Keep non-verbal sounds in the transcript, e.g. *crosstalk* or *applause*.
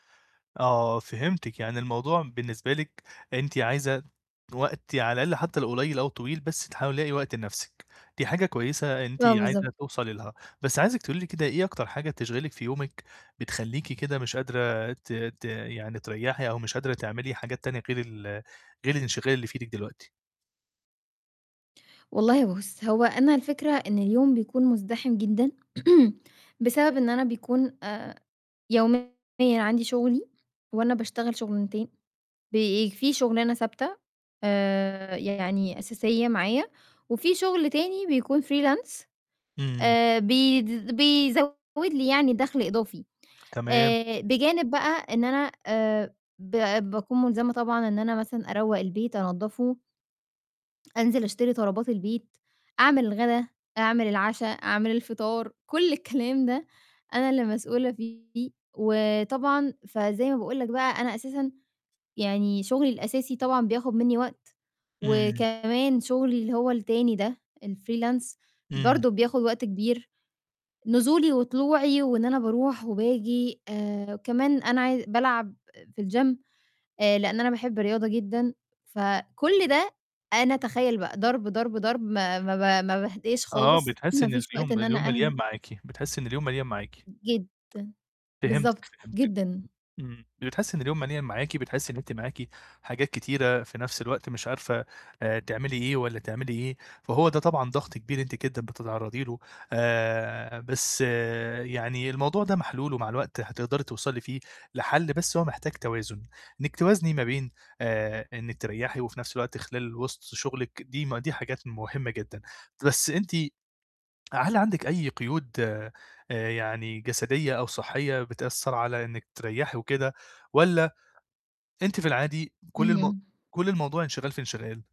آه، فهمتِك. يعني الموضوع بالنسبة لِك أنتِ عايزة وقت على الأقَل حتّى لو قليّل أو طويل، بس تحاولي ا تلاقي وقت لنَفْسِك، دي حاجة كويسة أنتِ آه، عايزة بالضبط. توصلي لها. بس عايزِك تقولي لي كده، إيه أكتر حاجة تشغلِك في يومِك بتخلّيكِ كده مش قادرة ت ت يعني تريّحي أو مش قادرة تعملي حاجات تانية غير ال غير الانشغال اللي في إيدِك دلوقتي؟ والله بُص، هو أنا الفكرة إن اليوم بيكون مُزدحِم جدًا، *clears throat* بسبب إن أنا بيكون آآ يوميًا عندي شُغلي وأنا باشتغل شُغلانتين، بي في شُغلانة ثابتة آآ يعني أساسية معايا وفي شُغل تاني بيكون freelance، إمم. آآ بيد بيزوّد لي يعني دَخْل إضافي. تمام. آآ بجانب بقى إن أنا آآ ب باكون مُلزمة طبعًا إن أنا مثلًا أروّق البيت، أنضّفه أنزل أشتري طلبات البيت، أعمل الغَدا، أعمل العَشا، أعمل الفطار، كل الكلام ده أنا اللي مسؤولة فيه. وطبعًا فزي ما باقول لك بقى أنا أساسًا يعني شُغلي الأساسي طبعًا بياخُد منّي وقت إمم. وكمان شُغلي اللي هو التاني ده، الfreelance إمم. برضه بياخُد وقت كبير، نزولي وطلوعي وإن أنا باروح وباجي آآ وكمان أنا عاي بالعب في الgym، آآ لإن أنا باحب الرياضة جدًا. فكل ده أنا تخيّل بقى ضرب، ضرب، ضرب ما ما ب ما باهداش آه، خالص، *clears throat* بتحسّي ما إن فيش وقت اليوم إن اليوم أنا مليان أهدا معاكِ، بتحسّي إن اليوم مليان معاكِ. جدًا. بالضبط، فهمتِك، فهمتِك. جدًا. إمم. بتحسّي إن اليوم مليان معاكِ، بتحسّي إن أنت معاكِ حاجات كتيرة في نَفْس الوقت مش عارفة، آآ تعملي إيه والّا تعملي إيه، فهو ده طبعًا ضَغْط كبير أنتِ جدًا بتتعرّضي له. آآ بس يعني الموضوع ده محلول ومع الوقت هتقدري توصلي فيه لحَل، بس هو محتاج توازن، إنِّك توازني ما بين آآ إنِّك تريّحي وفي نَفْس الوقت خلال وِسط شُغلِك، دي م دي حاجات مهمة جدًا. بس أنتِ هل عندِك أي قيود آآ، يعني جسدية أو صحّية بتأثّر على إنِّك تريّحي وكده والّا أنتِ في العادي كل الم اهم. كل الموضوع انشغال في انشغال؟